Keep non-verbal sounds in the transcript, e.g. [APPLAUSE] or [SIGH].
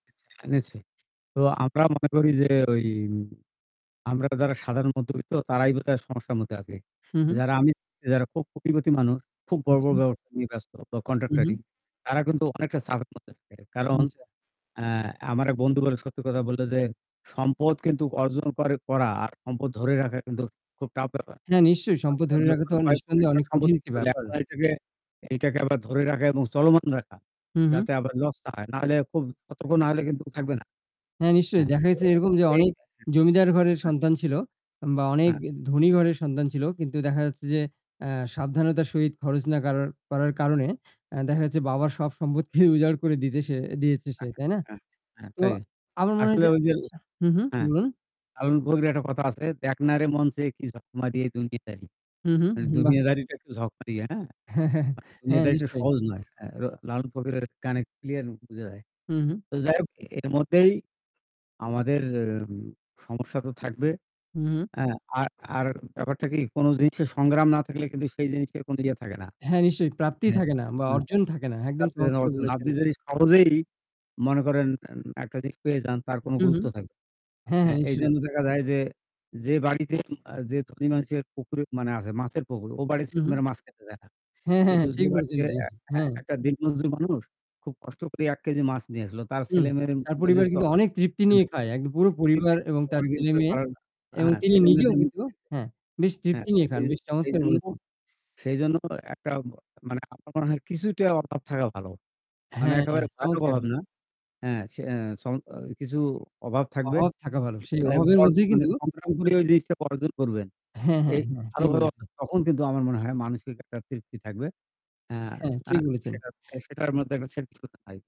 আচ্ছা। জেনেছি। তো আমরা মনে করি যে ওই আমরা যারা সাধারণ মধ্যবিত্ত তারাই বোধহয় সমস্যার মধ্যে আছি। হু, হু। যারা আমি যারা খুব কোটিপতি মানুষ খুব বড়, বড় আচ্ছা। [UNINTELLIGIBLE] নিয়ে ব্যস্ত বা হু, হু। কন্ট্রাক্টরি তারা কিন্তু অনেকটা চাপের মধ্যে থাকে। কারণ আচ্ছা। অ্যা আমার এক বন্ধু বলে সত্যি কথা বলল যে, সম্পদ কিন্তু অর্জন করে করা আর সম্পদ ধরে রাখা কিন্তু খুব টাফ ব্যাপার। হ্যাঁ, নিশ্চয়ই সম্পদ ধরে [UNINTELLIGIBLE] রাখা তো কয়েক কোটি নিসন্দেহে টাকার অনেক সম্পদ কঠিন একটা ব্যাপার। [UNINTELLIGIBLE] এটাকে, এইটাকে আবার ধরে রাখা এবং চলমান রাখা। হু, হু। যাতে আবার লস না হয়। না হলে খুব সতর্ক না হইলে কিন্তু থাকবে না। হ্যাঁ, নিশ্চয়ই হ্যাঁ। দেখা গেছে এরকম যে এই অনেক জমিদার ঘরের হ্যাঁ। সন্তান ছিল বা অনেক হ্যাঁ। ধনী ঘরের সন্তান ছিল। কিন্তু দেখা যাচ্ছে যে অ্যা সাবধানতার সহিত খরচ না কারার করার কারণে অ্যা দেখা যাচ্ছে বাবার সব সম্পদকে উজাড় করে দিতে সে দিয়েছে সে। আচ্ছা তাই না? হ্যাঁ, হ্যাঁ তো থাকে। আমার মনে হয় আসলে যে ওই যে হুম, হুম। হ্যাঁ, বলুন? লালন ফকিরের একটা কথা আছে, "দেখ না রে মন চেয়ে কি ঝকমারী এই দুনিয়াদারী।" হু, এ হু, বাহ! দুনিয়াদারিটা একটু ঝকমারি, হ্যাঁ? [CHUCKLES] হ্যাঁ, দুনিয়াদারিটা নিশ্চই। সহজ নয়। হ্যাঁ, ল লালন ফকিরের গানে ক্লিয়ার বুঝা যায়। হুম, হুম। তো যাই হোক এর মধ্যেই আমাদের উম সমস্যা তো থাকবে। হুম, হুম। হ্যাঁ আর, আর ব্যাপারটা কি কোন জিনিসের সংগ্রাম না থাকলে কিন্তু সেই জিনিসের কোন ইয়ে থাকে না। হ্যাঁ, নিশ্চয়ই প্রাপ্তিই মানে থাকে না অ্যা বা মানে অর্জন থাকে না। একদম চমৎকার [UNINTELLIGIBLE] বলেছেন! আপনি যদি সহজেই মনে করেন এন একটা জিনিস পেয়ে যান তার হু, কোন হু। গুরুত্ব থাকবে না। হ্যাঁ, হ্যাঁ। হ্যাঁ নিশ্চয়ই। এইজন্য দেখা যায় যে, যে বাড়িতে অ্যা যে ধণী মানুষের পুকুর আছে মাছের পুকুর ও বাড়ির হু, হু। ছেলেমেয়েরা মাছ খেতে চায় না। হ্যাঁ, হ্যাঁ, কিন্তু হ্যাঁ ঠিক যে বলেছেন। বাড়িতে জি, অ্যা হ্যাঁ, হ্যাঁ। একটা দিনমজুর মানুষ খুব কষ্ট করে ১ কেজি মাছ নিয়ে আসছিল। তার হুম। ছেলে মেয়ের তার মুখে যে পরিবার চ কিন্তু অনেক তৃপ্তি নিয়ে খায় এক পুরো [UNINTELLIGIBLE] পরিবার এবং তার ছেলেমেয়ে এবং তিনি নিজেও ছেলেমেয়েদের মুখে কিন্তু দিতে। হ্যাঁ, বেশ হ্যাঁ তৃপ্তি নিয়ে দেখা খান যায়, বেশ চমৎকার সেইজন্য বলেছেন! সেইজন্য একটা মা মানে আমার মনে হয় কিছুটা অভাব থাকা ভালো। মানে হ্যাঁ, একেবারে ভয়ানক চমৎকার অভাব বললেন। না। অ্যা সে সম অ কিছু অভাব থাকবে। অভাব থাকা ভালো। কিছু সেই অভাবের মধ্যেই কিন্তু [UNINTELLIGIBLE] সংগ্রাম করে ওই জিনিসটা অর্জন করবেন। হ্যাঁ, হ্যাঁ, এই হ্যাঁ ঠিক ভালোভাবে বলেছেন। অর্থাৎ তখন কিন্তু আমার মনে হয় মানসিক একটা তৃপ্তি থাকবে। অ্যা হ্যাঁ, অ্যা ঠিক বলেছেন। সেটার মধ্যে [UNINTELLIGIBLE] একটা [UNINTELLIGIBLE]